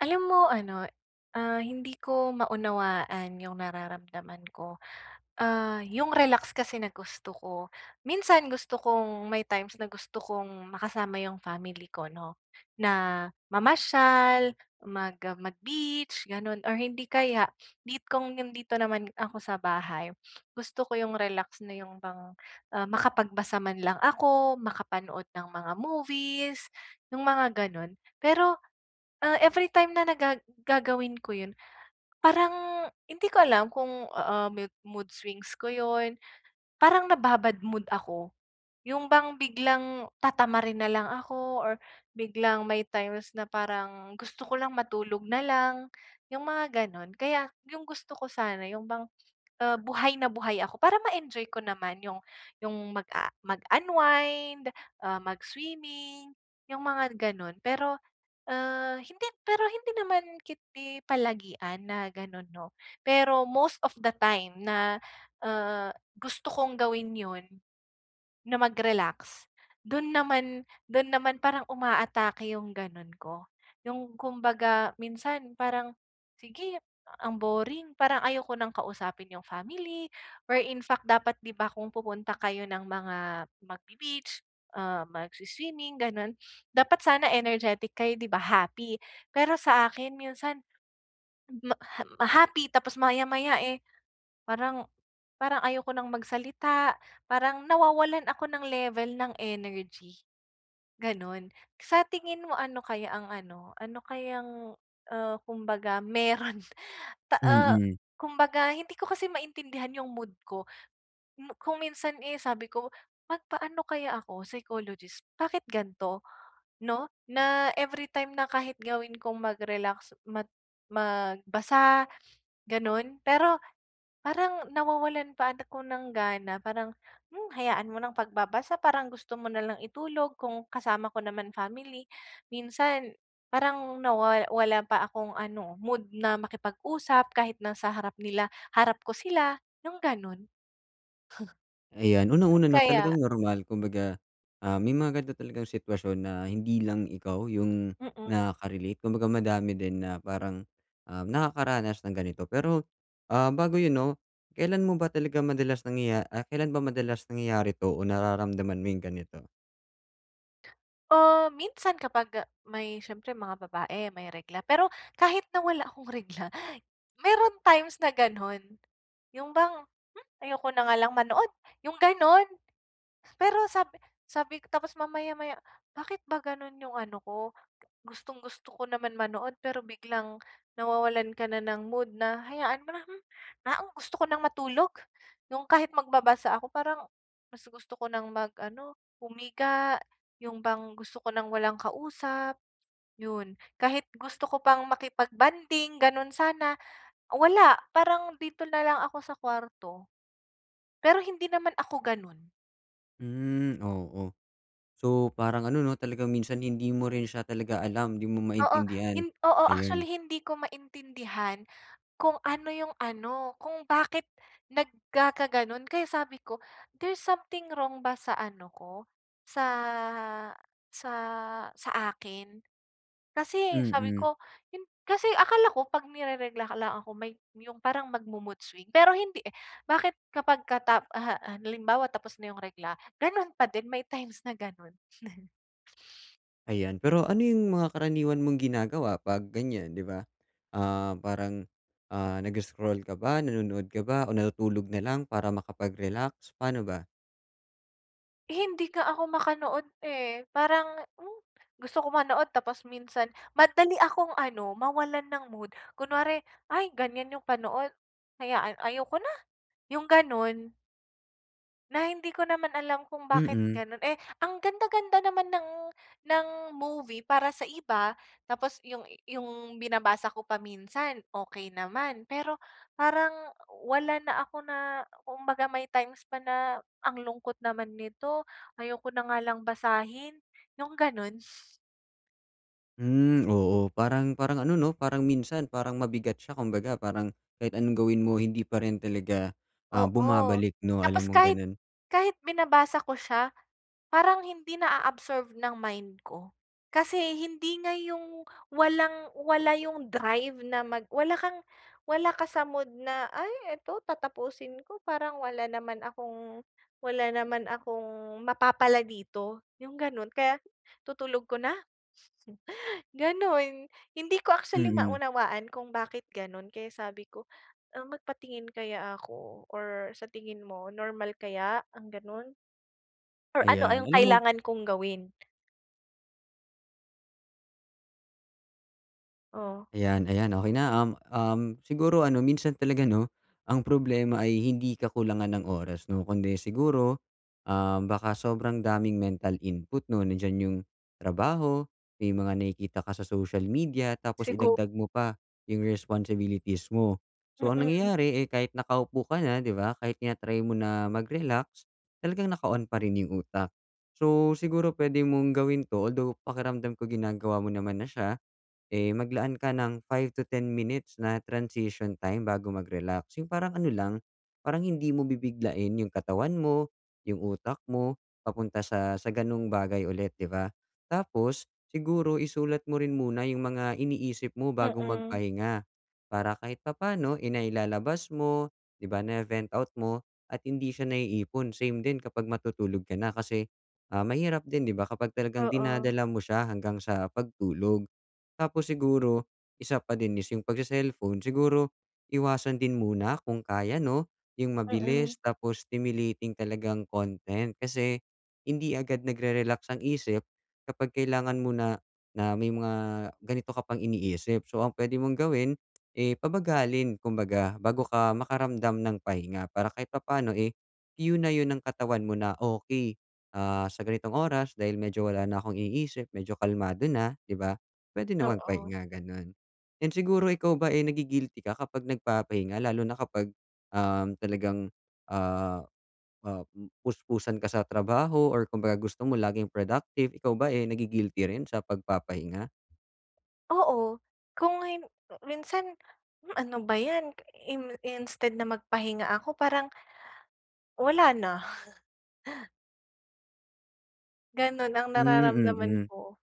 Alam mo ano, ah, hindi ko maunawaan yung nararamdaman ko. Ah, yung relax kasi na gusto ko, minsan gusto kong may times na gusto kong makasama yung family ko 'no, na mamasyal, mag ah, mag-beach ganun, or hindi kaya need kong yung' dito naman ako sa bahay. Gusto ko yung relax na yung bang, ah, makapagbasa man lang ako, makapanood ng mga movies, yung mga ganun. Pero, ah, everytime na na gaga gagawin ko yun, parang hindi ko alam kung, ah, ah, mood mood swings ko yun. Parang nababa-bad mood ako. Yung bang biglang tatamarin na lang ako, or biglang may times na parang gusto ko lang matulog na lang, yung mga ganun. Kaya 'yong gusto ko sana yung bang, ah, buhay na buhay ako para ma-enjoy ko naman 'yong 'yong mag-a mag-unwind, ah, mag-swimming, 'yong mga ganun. Pero, ah, hindi pero hindi naman ketdi palagian na ganun 'no. Pero most of the time na, ah, gusto kong gawin 'yon na mag-relax do'n naman do'n naman parang umaatake yung ganun ko. Yung kumbaga, minsan parang sige ang boring parang ayoko nang kausapin 'yong family, or in fact dapat, 'di ba, kung pupunta kayo ng mga magbe-beach, uh, magswi-swimming gano'n dapat sana energetic kayo, 'di ba, happy. Pero sa akin, minsan ma ham happy tapos maya-maya eh, parang parang ayoko nang magsalita, parang nawawalan ako ng level ng energy, gano'n. Sa tingin mo ano kaya ang ano ano kayang, ah, kumbaga meron ta ah, Mm. kumbaga hindi ko kasi maintindihan 'yong mood ko. Hmm, kung minsan eh, sabi ko, magpaano kaya ako psychologist, bakit gan'to 'no, na every time na kahit gawin kong mag-relax mag magbasa, gano'n pero parang nawawalan pa ako ng gana. Parang, hmm, hayaan mo nang pagbabasa parang gusto mo na lang itulog, kung kasama ko naman family. Minsan parang nawa wala pa akong ano mood na makipag-usap kahit na sa harap nila, harap ko sila yung ganun. Ayan, Bakit una-una 'no, kaya? talagang normal, kumbaga, ah, may mga ganito talagang sitwasyon na hindi lang ikaw yung Mm. nakaka-relate. Kumbaga madami din na parang, ah, nakakaranas ng ganito. Pero, ah, bago yun 'no, kailan mo ba talaga madalas nangyaya ah, kailan ba madalas nangyayari 'to, o nararamdaman mo yung ganito? Oh, minsan kapag, ah, may siyempre mga babae, may regla. Pero kahit na wala akong regla, meron times na gano'n. Yung bang, "Hmm, ayoko na nga lang manood," yung gano'n. Pero sabi sabi, tapos mamaya-maya, bakit ba gano'n yung ano ko, gustong-gusto ko naman manood pero biglang nawawalan ka na ng mood, na hayaan mo na, hmm. Ah, o gusto ko ng matulog, yung kahit magbabasa ako, parang mas gusto ko ng mag-ano, humiga, yung bang gusto ko ng walang kausap, yun. Kahit gusto ko pang makipagbonding, ganun sana, wala, parang dito na lang ako sa kwarto. Pero hindi naman ako ganun. Mhm, oo. So, parang ano 'no, talagang minsan hindi mo rin siya talaga alam. Di mo Oo, maintindihan. hin oo. Actually, Ayun. hindi ko maintindihan kung ano yung ano, kung bakit nagkakaganon. Kaya sabi ko, there's something wrong ba sa ano ko sa sa sa akin? Kasi sabi Mm. ko 'yon. Kasi akala ko, pag ni-reregla, akala ko may yung parang magmo-mood swing, pero hindi eh. Bakit kapag katap uh-huh, uh, halimbawa tapos na yung regla, gano'n pa din, may times na gano'n. Ayan, pero ano yung mga karaniwan mong ginagawa 'pag ganyan, di ba? Ah, parang, ah, nag-scroll ka ba, nanonood ka ba o natutulog na lang para makapag-relax, paano ba? Hindi nga ako makanood, eh. Parang, hmm, gusto ko manood tapos minsan, madali akong, ano, mawalan ng mood. Kunware, ay ganyan yung panood. Hayaan, ayoko na, yung ganun? Na hindi ko naman alam kung bakit Mm. ganun? Eh, ang ganda-ganda naman ng ng movie para sa iba. Tapos, yung yung binabasa ko pa minsan, okey naman. Pero parang wala na ako na kumbaga, may times pa na, "Ang lungkot naman nito. Ayoko na nga lang basahin." Yung ganun? Hmm, oo. Parang parang ano, 'no? Parang minsan, parang mabigat siya. Kumbaga, parang kahit anong gawin mo, hindi pa rin talaga, ah, Oo. bumabalik, no? Tapos, Alam mong kahit ganun? kahit binabasa ko siya, parang hindi na-a-absorb ng mind ko. Kasi hindi nga 'yong, walang-wala 'yong drive na mag wala kang wala ka sa mood na, "Ay! Eto, tatapusin ko. Parang wala naman akong wala naman akong, mapapala dito." 'Yong gano'n. Kaya tutulog ko na, ganun. Hindi ko actually Mm. maunawaan kung bakit ganun? Kaya sabi ko, ah, magpatingin kaya ako or sa tingin mo, normal kaya ang ganun? Or ano, ah, Ayan, yung alam mo kailangan kong gawin? Oh. Ayan, ayan okey na. Um, um siguro ano, minsan talaga 'no, ang problema ay hindi kakulangan ng oras 'no, kundi siguro, um, baka sobrang daming mental input, 'no? Nandiyan yung trabaho, may mga nakikita ka sa social media tapos Sigu idagdag mo pa yung responsibilities mo. So ang Mm. nangyayari ay kahit nakaupo ka na 'di ba, kahit tina-try mo na mag-relax talagang naka-on pa rin yung utak. So siguro puwede mong gawin 'to although pakiramdam ko ginagawa mo naman na siya, eh, maglaan ka ng 5 to 10 minutes na transition time bago mag-relax. Yung parang ano lang, parang hindi mo bibiglain yung katawan mo, yung utak mo papunta sa sa ganong bagay ulit, 'di ba? Tapos siguro isulat mo rin muna yung mga iniisip mo bago Mm. magpahinga, para kahit papaano, eh, nailalabas mo 'di ba, na-ve-vent out mo at hindi siya naiipon. Same din kapag matutulog ka na kasi, ah, mahirap din 'di ba, kapag talagang Oo. dinadala mo siya hanggang sa pagtulog. Tapos siguro isa pa din is yung pag-se-cellphone siguro iwasan din muna kung kaya 'no, yung Mm. mabilis tapos stimulating talagang content kasi hindi agad nagre-relax ang isip kapag kailangan mo na, na may mga ganito ka pang iniisip. So ang puwede mong gawin, eh, pabagalin kumbaga bago ka makaramdam ng pahinga para kahit papaano, eh, que na 'yon ng katawan mo na okey, ah, sa ganitong oras dahil medyo wala na akong iniisip medyo kalmado na, di ba, puwede na Oo. magpahinga gano'n. 'Yon siguro, ikaw ba, eh, nagi-guilty ka kapag nagpapahinga? Lalo na kapag, um, talagang, ah, ah, um, puspusan ka sa trabaho or kumbaga gusto mo laging productive, ikaw ba eh nagi-guilty rin sa pagpapahinga? Oo, kung hin minsan, hmm, ano ba ‘yan, in instead na magpahinga ako, parang wala na. Gano’n ang Hmm, nararamdaman mm. ko.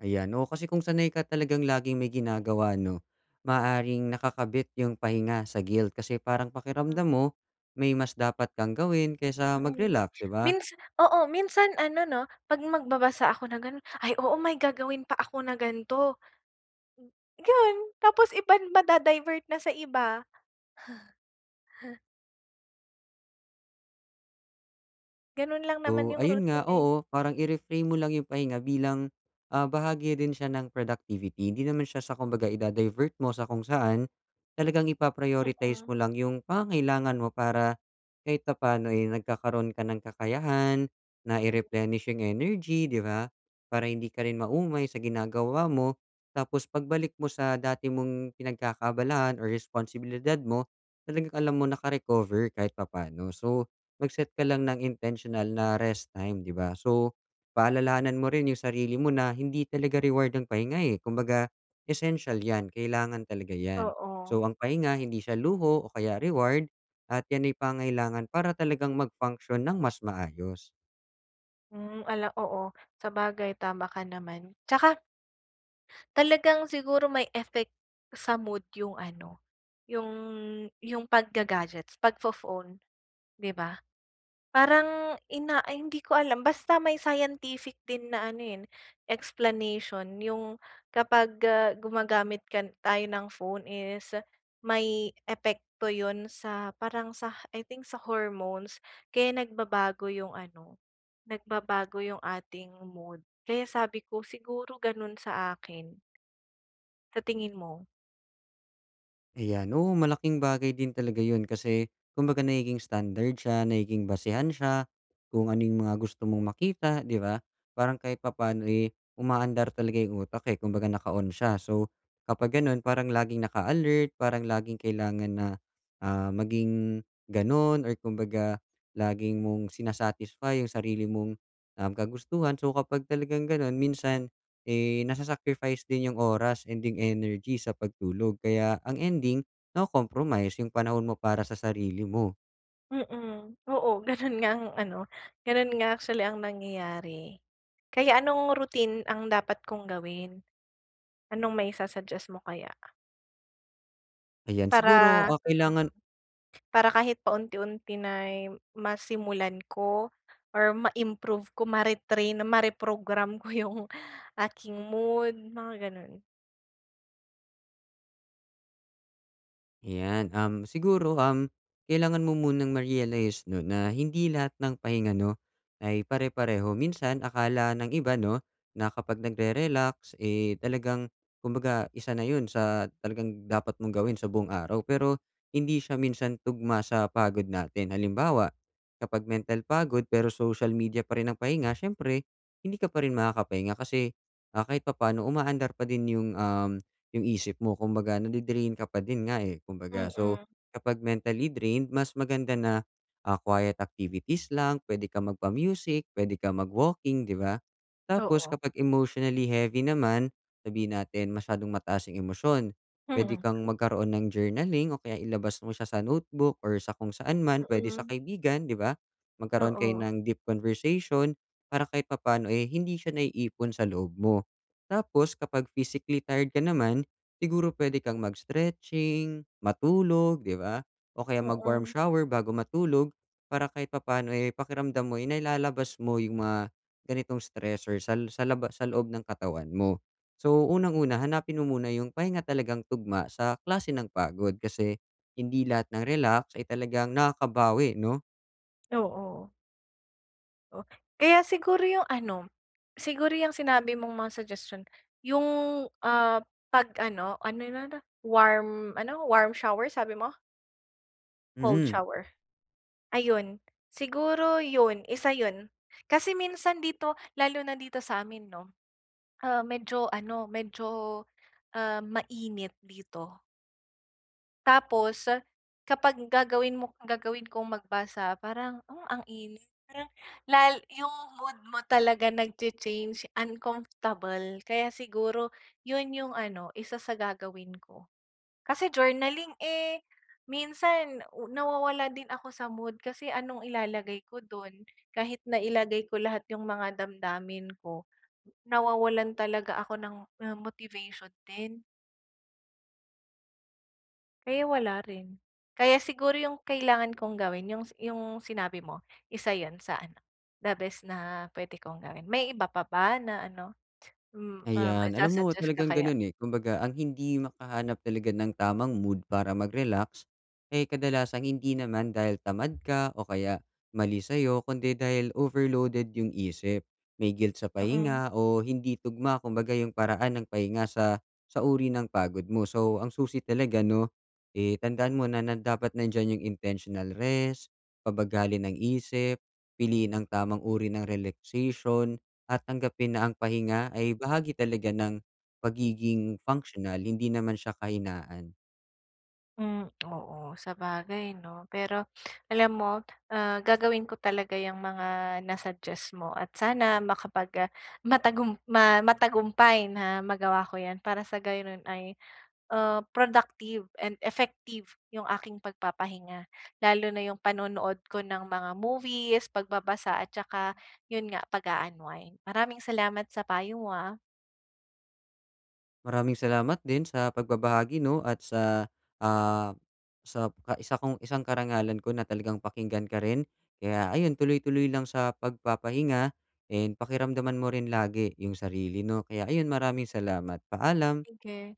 Ayan, oo, kasi kung sanay ka talagang laging may ginagawa, 'no, maaaring nakakabit ''yong pahinga sa guilt kasi parang Hmm. pakiramdam mo, may mas dapat kang gawin kaysa Mm, mag-relax, 'di ba? minsa oo. Minsan, ano, 'no, 'pag magbabasa ako na gano’n, "Ay, oo, may gagawin pa ako na gan'to, hmm, gan tapos iban mada-divert na sa iba. Gano’n lang naman Though, 'yong ayun nga, routine eh. oo, parang i-reframe mo lang 'yong pahinga bilang, ah, bahagi rin siya ng productivity. 'Di naman siya sa kumbaga i-da-divert mo sa kung saan, talagang ipa-prioritize Mm. mo lang 'yong pangangailangan mo para kahit papaano ay nagkakaroon ka ng kakayahan, na Mm. i-replenish 'yong energy, di ba? Para hindi ka rin maumay sa ginagawa mo, tapos pagbalik mo sa dati mong pinagkakaabalahan or responsibilidad mo, talagang alam mo naka-recover kahit papa'no. So, mag-set ka lang ng intentional na rest time, di ba? So, paalalahanan mo rin 'yong sarili mo na, hindi talaga reward ang pahinga eh, kumbaga essential ‘yan, kailangan talaga ‘yan. Oo. So ang pahinga, hindi siya luho o kaya reward at ‘yan ay pangangailangan para talagang mag-function nang mas maayos. Hmm, ala oo. Sabagay, tama ka naman. Tsaka talagang siguro may effect, sa mood yung ano, yung yung pagga-gadgets, pagfo-phone, 'di ba? Parang ina ay, hindi ko alam. Basta may scientific din na ano, eh, explanation yung kapag gumagamit ka tayo ng phone is may epekto 'yon sa parang sa, I think, sa hormones. Kaya nagbabago yung ano, nagbabago yung ating mood. Kaya sabi ko, siguro gano'n sa akin. Sa tingin mo? Ayan. Oo, malaking bagay din talaga yun kasi, kumbaga nagiging standard siya, nagiging basehan siya, kung ano yung mga gusto mong makita, 'di ba? Parang kahit papa'no, eh, umaandar talaga yung utak, eh. Kumbaga, naka-on siya. So, kapag ganun parang laging naka-alert, parang laging kailangan na, ah, maging ganun, or kumbaga, lagi mong sina-satisfy yung sarili mong, um, kagustuhan. So, kapag talagang ganun, minsan, eh, nasa-sacrifice din yung oras, and yung energy sa pagtulog. Kaya ang ending, nako-compromise yung panahon mo para sa sarili mo. Mm, oo. Ganun nga ang ano, ganun nga actually ang nangyayari. Kaya anong routine ang dapat kong gawin? Anong maisu-suggest mo kaya? Ayan, siguro, Para ah, mm. kailangan Para kahit paunti-unti, na'y masimulan ko or ma-improve ko, mare-train na ma-reprogram ko yung aking mood, mga ganun. Ayan, um, siguro, um, kailangan mo munang ma-realize 'no na hindi lahat ng pahinga 'no ay pare-pareho minsan akala ng iba 'no na kapag nagre-relax eh, talagang kumbaga isa na yun sa talagang dapat mong gawin sa buong araw, pero hindi siya minsan tugma sa pagod natin. Halimbawa, kapag mental pagod pero social media pa rin ang pahinga, siyempre hindi ka pa rin makakapahinga kasi, ah, kahit papaano umaandar pa din yung, um, yung isip mo. Kung baga nade-drain ka pa din nga eh, kumbaga. So, Mm. kapag mentally drained, mas maganda na, ah, quiet activities lang pwede kang magpa-music, pwede kang mag-walking, di ba? Tapos Oo. kapag emotionally heavy naman, sabihin natin masyadong mataas yung emosyon. Pwede Mm. kang magkaroon ng journaling o kaya ilabas mo siya sa notebook or sa kung saan man pwede sa Mm. kaibigan, di ba? Magkaroon kayo Oo. ng deep conversation para kahit papaano eh, hindi siya naiipon sa loob mo. Tapos kapag physically tired ka naman, siguro pwede kang mag-stretching, matulog, di ba? O kaya mag-warm Mm. shower bago matulog, para kahit papaano eh, pakiramdam mo eh, nailalabas mo yung mga ganitong stress or sal sa laba sa loob ng katawan mo. So, unang una, hanapin mo muna yung pahinga talagang tugma sa klase ng pagod, kasi hindi lahat ng relax ay talagang nakakabawi no? Oo. Oh, kaya siguro 'yong ano, siguro 'yong sinabi mong mga suggestion. 'Yong, ah, pag-ano, ano no, no, warm ano, warm shower sabi mo? Cold Mm. shower. Ayun siguro yun, isa yun. Kasi minsan dito, lalo na dito sa'min, 'no? Ah, medyo ano, medyo, ah, mainit dito. Tapos, kapag gagawin mo gagawin kong magbasa parang, ah, ang init parang lal yung mood mo talaga nagcha-change uncomfortable kaya siguro yun yung ano isa sa gagawin ko. Kasi journaling, eh, minsan u nawawalan din ako sa mood kasi anong ilalagay ko don kahit nailagay ko lahat 'yong mga damdamin ko nawawalan talaga ako ng, um, motivation din. Kaya wala rin. Kaya siguro 'yong kailangan kong gawin 'yong s 'yong sinabi mo, isa 'yon sa ano, the best na puwede kong gawin. May iba pa ba na ano, mm, um, Ayan, alam mo isasuggest ka talagang kaya? ganun, eh, kumbaga ang hindi makahanap talaga ng tamang mood para mag relax, eh, kadalasang hindi naman dahil tamad ka o kaya mali sayo kundi dahil overloaded yung isip. May guilt sa Mm. pahinga o hindi tugma kumbaga yung paraan ng pahinga sa, sa uri ng pagod mo. So, ang susi talaga, 'no, eh, tandaan mo na na dapat nandiyan yung intentional rest, pabagalin ang isip, piliin ang tamang uri ng relaxation. At tanggapin na ang pahinga, ay, bahagi talaga ng pagiging functional hindi naman siya kahinaan. Hmm, oo sabagay, 'no? Pero alam mo, ah, gagawin ko talaga yung mga na-suggest mo at sana makapag, ah, matagum ma matagumpay na magawa ko yan para sa gayon, ay, ah, productive and effective yung aking pagpapahinga lalo na yung panonood ko ng mga movies, pagbabasa at tsaka yun nga pag-uunwind. Maraming salamat sa payo mo, ah. Maraming salamat din sa pagbabahagi, no, at sa, ah, sap ka isa kong isang karangalan ko na talagang pakinggan ka rin. Kaya, ayun tuloy-tuloy lang sa pagpapahinga and pakiramdaman mo rin lagi yung sarili, no? Kaya ayun, maraming salamat, paalam. Sige.